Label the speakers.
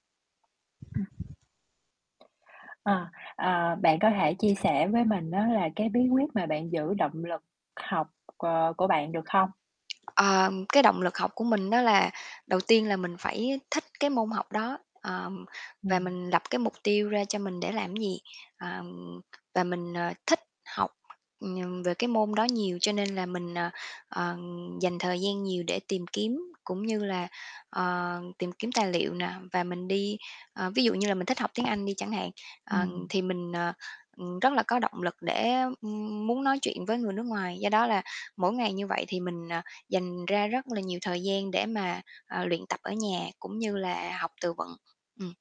Speaker 1: Ừm. Ờ, ờ, bạn có thể chia sẻ với mình á, là cái bí quyết mà bạn giữ động lực học, ờ, của bạn được không?
Speaker 2: Ờ, cái động lực học của mình á, là đầu tiên là mình phải thích cái môn học đó, ờm, và
Speaker 1: Ừm.
Speaker 2: mình lập cái mục tiêu ra cho mình để làm cái gì, ờm, và mình, ờ, thích học, ừm, về cái môn đó nhiều. Cho nên là mình, ờ, ờ, dành thời gian nhiều để tìm kiếm, cũng như là, ờ, tìm kiếm tài liệu nè và mình đi ờ, ví dụ như là mình thích học tiếng Anh đi chẳng hạn, ờ,
Speaker 1: Ừm.
Speaker 2: thì mình, ờ, ừm, rất là có động lực để, ừm, muốn nói chuyện với người nước ngoài, do đó là mỗi ngày như vậy thì mình, ờ, dành ra rất là nhiều thời gian để mà, ờ, luyện tập ở nhà, cũng như là học từ vựng. Ừm.